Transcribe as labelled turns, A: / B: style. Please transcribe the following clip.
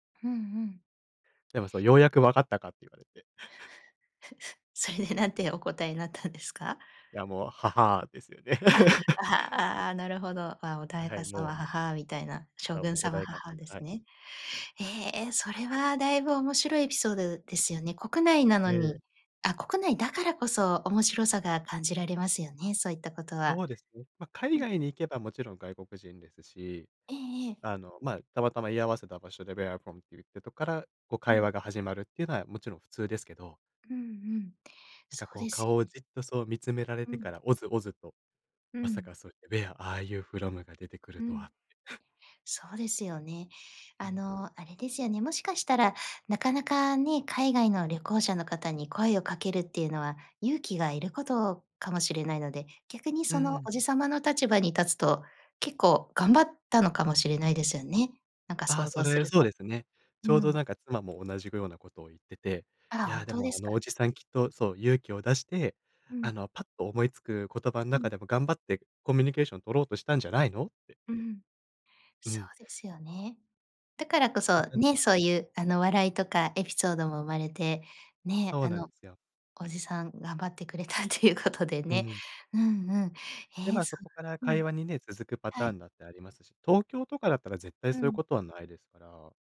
A: ふん、うん。
B: でもそう、「ようやくわかったか」って言われて。
A: それで何てお答えになったんですか？
B: いや、もう、「ははあ」ですよね。
A: あ、あはああ、なるほど。あ、「おだ
B: あ、
A: い
B: はい。
A: かさま、
B: もう
A: ははあ」みたいな、
B: あ、
A: 「将
B: も
A: 軍
B: う、お
A: 様、
B: 代
A: は
B: 官
A: はあ」
B: 様、
A: です
B: はい。
A: ね。え、それ はだいぶ面白いエピソードですよね、国内な
B: え
A: の
B: え。
A: に。あ、国内だからこそ面白さが感じられますよね、そういったことは。
B: そうですね。ま、海
A: うん。
B: 外に行けばもちろん外国人ですし、
A: ええええ。
B: あの、まあ、たまたま居合わせた場所で「Where are you from?」って言ってとから、こう
A: う
B: 会話
A: ん。
B: が始まるっていうのはもちろん普通ですけど。
A: うんうん、
B: なん
A: そ
B: か
A: う
B: こう
A: です
B: 顔を
A: よね。
B: じっとそう見つめられ
A: う
B: てか
A: ん。
B: らオズオズと、
A: う
B: まさ
A: ん。
B: かそうやって「ウェア、アーユーフロム？」が出てくる
A: う
B: とは
A: ん。
B: って。
A: そうですよね。
B: う
A: あ
B: ん。
A: の、あれですよね、もしかしたら、なかなかね、海外の旅行者の方に声をかけるっていうのは、勇気がいることかもしれないので、逆に
B: うん
A: そ
B: う
A: の
B: ん。
A: おじ様の立場に立つと、結構頑張ったのかもしれないですよね。なんか
B: ああ、
A: 想
B: そ
A: 像す
B: れ、
A: る
B: そう
A: と。
B: ですね。ち
A: う
B: ょうどな
A: ん。
B: んか妻も同じぐようなことを言ってて、
A: あ
B: 「い
A: ら、
B: や、
A: 本
B: で
A: 当
B: も
A: で
B: あ
A: す
B: の
A: か？
B: おじさんきっとそう、勇気を出して、
A: う
B: あ
A: ん。
B: の、パッと思いつく言葉ん
A: う
B: 中
A: ん。
B: でも頑張ってコミュニケーションを取ろうとしたんじゃないの？」って。
A: うん。
B: う
A: そ
B: ん。
A: うですよね。だからこそ
B: [unintelligible]
A: ね、
B: か。
A: そういうあの笑いとかエピソードも生まれてね、
B: そう
A: あ
B: なんで
A: の、
B: すよ。
A: おじさん頑張ってくれたということで
B: う
A: ね。
B: ん。
A: うんうん。
B: で、ま
A: え、
B: あ、
A: そ
B: そこから
A: うう
B: 会
A: ん。
B: 話にね、続くパ
A: は
B: ター
A: い。
B: ンだってありますし。東京とかだったら絶対
A: う
B: そういう
A: ん。
B: ことはないですから。